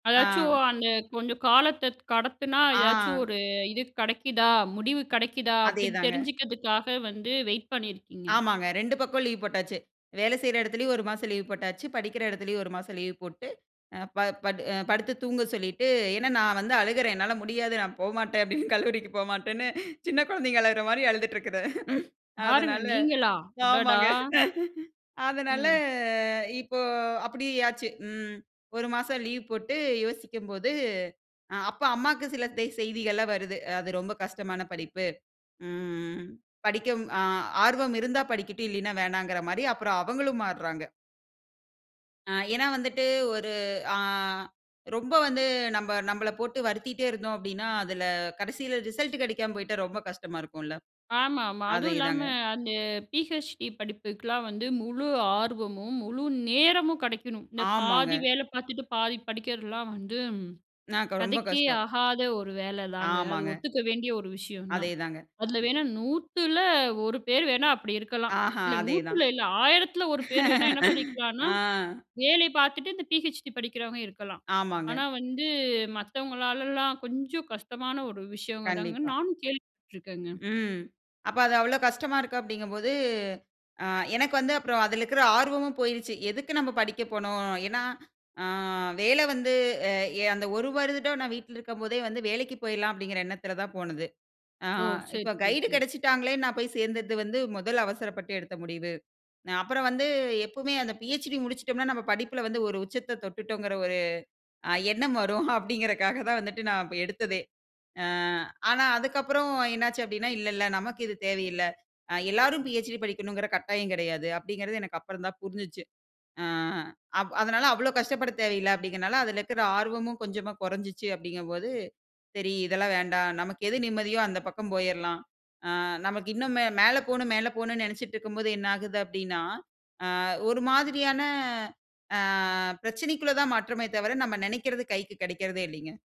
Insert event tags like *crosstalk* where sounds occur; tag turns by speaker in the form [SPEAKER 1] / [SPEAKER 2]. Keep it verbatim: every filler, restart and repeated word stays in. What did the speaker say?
[SPEAKER 1] அதாச்சும்
[SPEAKER 2] ஆ.
[SPEAKER 1] அந்த கொஞ்சம் காலத்த கடத்துனா ஏதாச்சும்
[SPEAKER 2] ஆ.
[SPEAKER 1] ஒரு இது கிடைக்குதா, முடிவு கிடைக்குதா அப்டின்னு
[SPEAKER 2] அதேதாங்க.
[SPEAKER 1] தெரிஞ்சுக்கிறதுக்காக வந்து வெயிட் பண்ணியிருக்கீங்க?
[SPEAKER 2] ஆமாங்க. ரெண்டு பக்கம் லீவ் போட்டாச்சு. வேல செய்ற இடத்துலேயும் ஒரு மாசம் லீவ் போட்டாச்சு, படிக்கிற இடத்துலேயும் ஒரு மாசம் லீவு போட்டு. அ ப படு படுத்து தூங்கச் சொல்லிட்டு. ஏனா, நான் வந்து அழுகுறேன் என்னால முடியாது நான் போமாட்டேன் அப்டின்னு கல்லூரிக்கு போமாட்டேன்னு சின்ன குழந்தைங்க அழகுற மாரி அழுதுட்டு இருக்குது.
[SPEAKER 1] யாருங்க?
[SPEAKER 2] அதனால,
[SPEAKER 1] நீங்களா? அடடா!
[SPEAKER 2] ஆமாங்க. அதுனால
[SPEAKER 1] ம்.
[SPEAKER 2] இப்போ அப்டி ஆச்சு. ம் ஒரு மாசம் லீவ் போட்டு யோசிக்கும் போது அ அப்ப அம்மாக்கு சில தே செய்திகள்லாம் வருது. அது ரொம்ப கஷ்டமான படிப்பு. ம். படிக்கும் ஆ ஆர்வம் இருந்தா படிக்கட்டும், இல்லீன்னா வேணாங்கற மாரி அப்புறம் அவங்களும் மாறுறாங்க. ஆ ஏனா, வந்துட்டு ஒரு அ ரொம்ப வந்து நம்ப நம்மள போட்டு வருத்திட்டே இருந்தோம் அப்டின்னா, அதில கடைசியில ரிசல்ட் கிடைக்காம போயிட்டா ரொம்ப கஷ்டமா இருக்கும் இல்ல?
[SPEAKER 1] ஆமாமா, அதும் இல்லாம
[SPEAKER 2] அதேதாங்க.
[SPEAKER 1] அந்த பி.எச்.டி படிப்புக்கெல்லாம் வந்து முழு ஆர்வமும், முழு நேரமும் கெடைக்கணும். இந்த
[SPEAKER 2] ஆமாங்க.
[SPEAKER 1] பாதி வேலை பார்த்துட்டு பாதி படிக்கிறதுலாம் வந்து,
[SPEAKER 2] நாக்க ரொம்ப
[SPEAKER 1] கதைக்கே
[SPEAKER 2] கஷ்டம்.
[SPEAKER 1] ஆகாத ஒரு வேல தாங்க. அது
[SPEAKER 2] ஆமாங்க.
[SPEAKER 1] ஒத்துக்க வேண்டிய ஒரு விஷயம் தான்.
[SPEAKER 2] அதேதாங்க.
[SPEAKER 1] அதில வேணா நூத்துல ஒரு பேர் வேணா அப்டிருக்கலாம்.
[SPEAKER 2] ஆஹா,
[SPEAKER 1] இல்ல
[SPEAKER 2] அதே தான்.
[SPEAKER 1] நூத்துல இல்ல ஆயிரத்துல ஒரு பேர் வேணா என்ன
[SPEAKER 2] *laughs*
[SPEAKER 1] பண்ணிக்கலான்னா,
[SPEAKER 2] ஆ.
[SPEAKER 1] வேலை பார்த்துட்டு இந்த பி.ஹெச்.டி படிக்கிறவங்க இருக்கலாம்.
[SPEAKER 2] ஆமாங்க.
[SPEAKER 1] ஆனா வந்து மத்தவங்களாலலாம் கொஞ்சம் கஷ்டமான ஒரு விஷயங்க தாங்க.
[SPEAKER 2] கண்டிப்பா.
[SPEAKER 1] நானும் கேள்விப்பட்டுருக்கேங்க.
[SPEAKER 2] ம். அப்ப அது அவ்வளோ கஷ்டமா இருக்க அப்படிங்கும் போது, அ எனக்கு வந்து அப்பறம் அதில இருக்க ஆர்வமும் போயிருச்சு. எதுக்கு நம்ம படிக்க போணும்? ஏனா, ஆ வேல வந்து அ அந்த ஒரு வருடம் நான் வீட்ல இருக்கும் போதே வந்து வேலைக்கு போயிடலாம் அப்டிங்கிற எண்ணத்தில தான் போனது. ஆ
[SPEAKER 1] ஓ! சரி,
[SPEAKER 2] இப்ப
[SPEAKER 1] சரி,
[SPEAKER 2] கைடு
[SPEAKER 1] சரி.
[SPEAKER 2] கெடைச்சுட்டாங்கலே நான் போய் சேர்ந்தது வந்து முதல அவசரப்பட்டு எடுத்த முடிவு. நா அப்புறம் வந்து எப்போமே அந்த பிஎச்டி முடிச்சுட்டோம்ன்னா, நம்ம படிப்புல வந்து ஒரு உச்சத்த தொட்டுட்டோங்கற ஒரு அ எண்ணம் வரும் அப்டிங்கறகாக தான் வந்துட்டு நான் எடுத்ததே. ஆ ஆனா, அதுக்கு அப்புறம் என்ன ஆச்சு அப்டின்னா, இல்ல, இல்ல நமக்கு இது தேவையில்ல. அ எல்லோரும் பிஎச்டி படிக்கணும்ங்குற கட்டாயம் கிடையாது. அப்டிங்குறது எனக்கு அப்புறம் தான் புரிஞ்சுச்சு. அ அப் அதனால அவ்வளோ கஷ்டப்படத் தேவையில்ல அப்டிங்கிறனால அதில இருக்கற ஆர்வமும் கொஞ்சமா கொறஞ்சுச்சு அப்டிங்கும் போது. சரி, இதெல்லாம் வேண்டாம், நமக்கு எது நிம்மதியோ அந்த பக்கம் போயரலாம். ஆ நமக்கு இன்னும் மே மேல போணும் மேல போணும்ன்னு நெனைச்சுட்டுருக்கும்போது என்ன ஆகுது? அப்டின்னா, அ ஒரு மாதிரியான ஆ பிரச்சனைக்குள்ள தான் மாற்றமே தவர நம்ம நெனைக்கிறது கைக்கு கிடைக்கிறதே இல்லைங்க.